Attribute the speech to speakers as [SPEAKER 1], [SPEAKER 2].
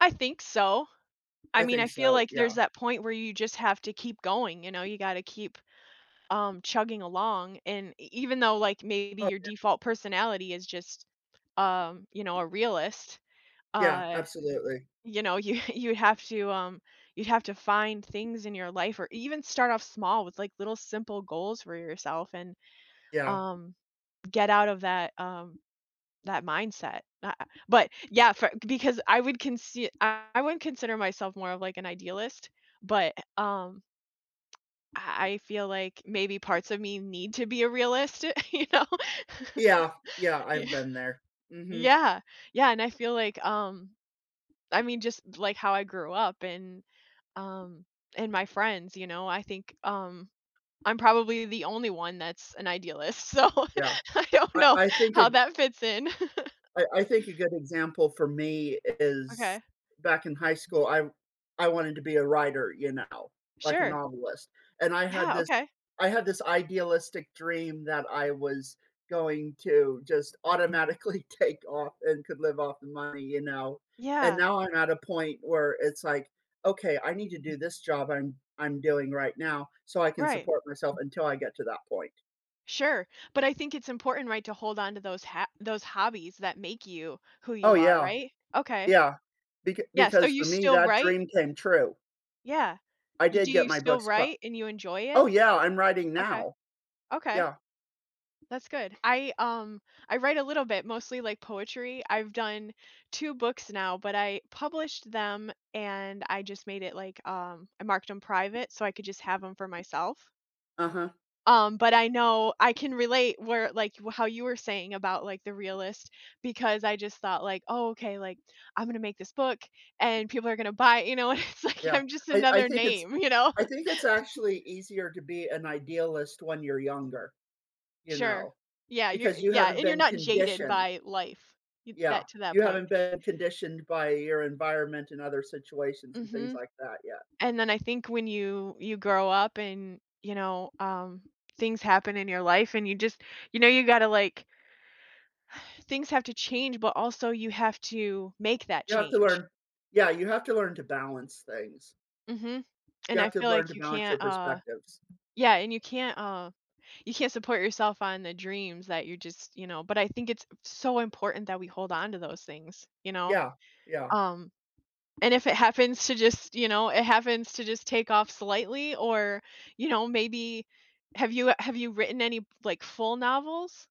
[SPEAKER 1] I think so. I
[SPEAKER 2] I
[SPEAKER 1] mean, I
[SPEAKER 2] think
[SPEAKER 1] feel
[SPEAKER 2] so,
[SPEAKER 1] like there's
[SPEAKER 2] yeah.
[SPEAKER 1] that point where you just have to keep going, you know, you gotta keep, um, chugging along and e even though like maybe
[SPEAKER 2] Oh,
[SPEAKER 1] your
[SPEAKER 2] yeah.
[SPEAKER 1] default personality is just, um, you know, a realist,
[SPEAKER 2] Yeah,
[SPEAKER 1] uh,
[SPEAKER 2] absolutely.
[SPEAKER 1] you know, you you have to, um, you'd have to find things in your life or even start off small with like little simple goals for yourself and,
[SPEAKER 2] Yeah.
[SPEAKER 1] um, get out of that, um, that mindset, a ah, but yeah, for because I would consi I wouldn't consider myself more of like an idealist, but um, I I feel like maybe parts of me need to be a realist, you know
[SPEAKER 2] Yeah, yeah, I've
[SPEAKER 1] Yeah.
[SPEAKER 2] been there. Mhm.
[SPEAKER 1] Yeah, yeah, and I feel like, um, I mean, just like how I grew up and, um, and my friends, you know, I think, um, I'm probably the only one that's an idealist, so,
[SPEAKER 2] Yeah.
[SPEAKER 1] I don't
[SPEAKER 2] I
[SPEAKER 1] know
[SPEAKER 2] I think
[SPEAKER 1] how
[SPEAKER 2] it
[SPEAKER 1] that fits in.
[SPEAKER 2] I I think a good example for me is
[SPEAKER 1] Okay.
[SPEAKER 2] back in high school, I I wanted to be a writer, you know, like a
[SPEAKER 1] Sure.
[SPEAKER 2] novelist, and I had
[SPEAKER 1] Yeah,
[SPEAKER 2] this
[SPEAKER 1] okay.
[SPEAKER 2] I had this idealistic dream that I was going to just automatically take off and could live off the money, you know, and
[SPEAKER 1] Yeah.
[SPEAKER 2] now I'm at a point where it's, like, okay, I need to do this job I'm I'm doing right now, so, I can
[SPEAKER 1] Right.
[SPEAKER 2] support myself until I get to that point.
[SPEAKER 1] Sure, but I think it's important, right, to hold on to those ha those hobbies that make you who
[SPEAKER 2] Oh
[SPEAKER 1] you are,
[SPEAKER 2] yeah,
[SPEAKER 1] right? Okay.
[SPEAKER 2] yeah, beca
[SPEAKER 1] Yes, so
[SPEAKER 2] because
[SPEAKER 1] you
[SPEAKER 2] for me
[SPEAKER 1] still
[SPEAKER 2] that
[SPEAKER 1] write?
[SPEAKER 2] dream came true.
[SPEAKER 1] Yeah,
[SPEAKER 2] I
[SPEAKER 1] you do
[SPEAKER 2] did get
[SPEAKER 1] you
[SPEAKER 2] my
[SPEAKER 1] still
[SPEAKER 2] books pu
[SPEAKER 1] write and you enjoy it?
[SPEAKER 2] Oh yeah, I'm writing
[SPEAKER 1] Okay.
[SPEAKER 2] now.
[SPEAKER 1] Okay.
[SPEAKER 2] Yeah.
[SPEAKER 1] That's good, I, um I write a little bit, mostly like poetry; I've done 2 books now, but I published them and I just made it, like, um I marked them private so I could just have 'em for myself.
[SPEAKER 2] Uh-huh.
[SPEAKER 1] Um, but I know I can relate where like y w how you were saying about like the realist because I just thought, like, "Oh, okay, like, I'm gonna make this book and people are gonna buy it," you know, and it's like
[SPEAKER 2] Yeah,
[SPEAKER 1] I'm just
[SPEAKER 2] I I
[SPEAKER 1] another
[SPEAKER 2] think it's
[SPEAKER 1] name, you know.
[SPEAKER 2] I think it's actually easier to be an idealist when you're younger, you
[SPEAKER 1] Sure,
[SPEAKER 2] know,
[SPEAKER 1] yeah, you're
[SPEAKER 2] because
[SPEAKER 1] y
[SPEAKER 2] you
[SPEAKER 1] yeah,
[SPEAKER 2] haven't
[SPEAKER 1] and you're
[SPEAKER 2] been
[SPEAKER 1] not jaded
[SPEAKER 2] conditioned.
[SPEAKER 1] by life y
[SPEAKER 2] Yeah,
[SPEAKER 1] that to that
[SPEAKER 2] you
[SPEAKER 1] point.
[SPEAKER 2] haven't been conditioned by your environment and other situations and things
[SPEAKER 1] Mhm.
[SPEAKER 2] like that, yeah.
[SPEAKER 1] And then I think when you you grow up and you know, um, things happen in your life and you just, you know, you gotta like. Things have to change, but also you have to make that
[SPEAKER 2] You have to
[SPEAKER 1] change.
[SPEAKER 2] learn yeah, you have to learn to balance things.
[SPEAKER 1] Mhm. And
[SPEAKER 2] You have
[SPEAKER 1] I
[SPEAKER 2] to
[SPEAKER 1] feel
[SPEAKER 2] learn to
[SPEAKER 1] like you
[SPEAKER 2] balance your
[SPEAKER 1] can't, uh
[SPEAKER 2] perspectives.
[SPEAKER 1] Yeah, and you can't, uh you can't support yourself on the dreams that you're just you know, but I think it's so important that we hold on to those things, you know,
[SPEAKER 2] Yeah, yeah.
[SPEAKER 1] um, and if it happens to just you know, it happens to just take off slightly, or, you know, maybe have you have you written any f like full novels?